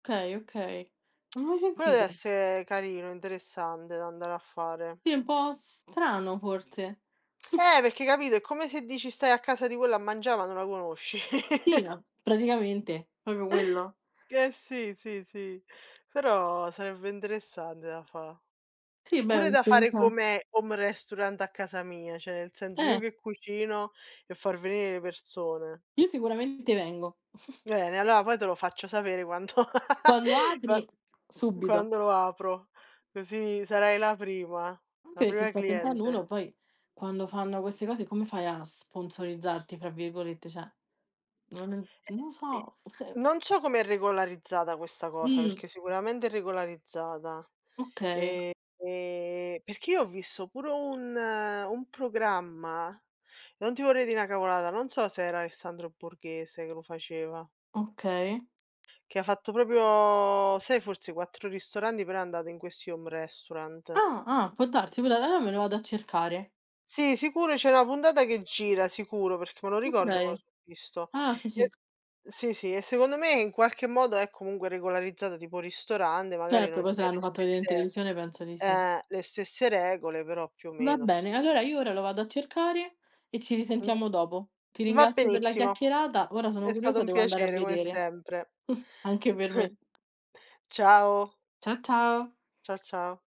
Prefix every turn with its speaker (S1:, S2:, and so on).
S1: Okay, okay. Non ho mai
S2: Quello
S1: sentito.
S2: dev'esse carino. Interessante da andare a fare.
S1: Sì, è un po' strano forse.
S2: Eh, perché, capito, è come se dici: "Stai a casa di quella a mangià, ma non la conosci."
S1: Sì, a praticamente, proprio quello.
S2: Eh sì, sì, sì. Però sarebbe interessante da fà.
S1: Sì, beh, è
S2: Pure da fare
S1: un'esperienza
S2: come home restaurant a casa mia, cioè, nel senso, io
S1: Eh.
S2: che cucino e far venire le persone.
S1: Io sicuramente vengo.
S2: Bene, allora, poi te lo faccio sapere quanto
S1: Quando
S2: qua
S1: apri, subito.
S2: quando apro, così sarai la prima, la
S1: Anche perché,
S2: prima
S1: sto pensando,
S2: cliente.
S1: uno poi quando fanno queste cose, come fai a "sponsorizzarti", fra virgolette? Cioè, non è
S2: E
S1: no
S2: e
S1: so [unintelligible]
S2: non so come è regolarizzata questa cosa,
S1: Mh.
S2: perché sicuramente è regolarizzata.
S1: Okay.
S2: Ehm, ehm, perché io ho visto pure un un programma, non ti vorrei dì 'na cavolata, non so se era Alessandro Borghese che lo faceva.
S1: Okay.
S2: Che ha fatto proprio sai, forse "4 Ristoranti", però è andato, in questi home restaurant.
S1: Ah, ah, può darsi, quella là me lo vado a cercare.
S2: Sì, sicuro, c'è 'na puntata che gira, sicuro, perché me lo ricordo che me lo
S1: Okay.
S2: so' visto.
S1: Ah sì, sì.
S2: E sì, sì e secondo me, in qualche modo, è comunque regolarizzata tipo ristorante, magari
S1: Certo,
S2: non
S1: poi se
S2: c'è
S1: hanno
S2: le
S1: fatto vedere in
S2: stesse
S1: televisione, penso di sì.
S2: eh, le stesse regole, però più o
S1: Va
S2: meno stai
S1: bene,
S2: là.
S1: allora io ora lo vado a cercare e ci
S2: Mh.
S1: risentiamo dopo. Ti
S2: Va
S1: ringrazio per la
S2: benissimo.
S1: chiacchierata. Ora sono
S2: È stato
S1: curiosa,
S2: un
S1: devo andare a
S2: piacere, come
S1: vedere.
S2: sempre.
S1: Anche per me.
S2: Ciao.
S1: Cia ciao.
S2: Cia ciao.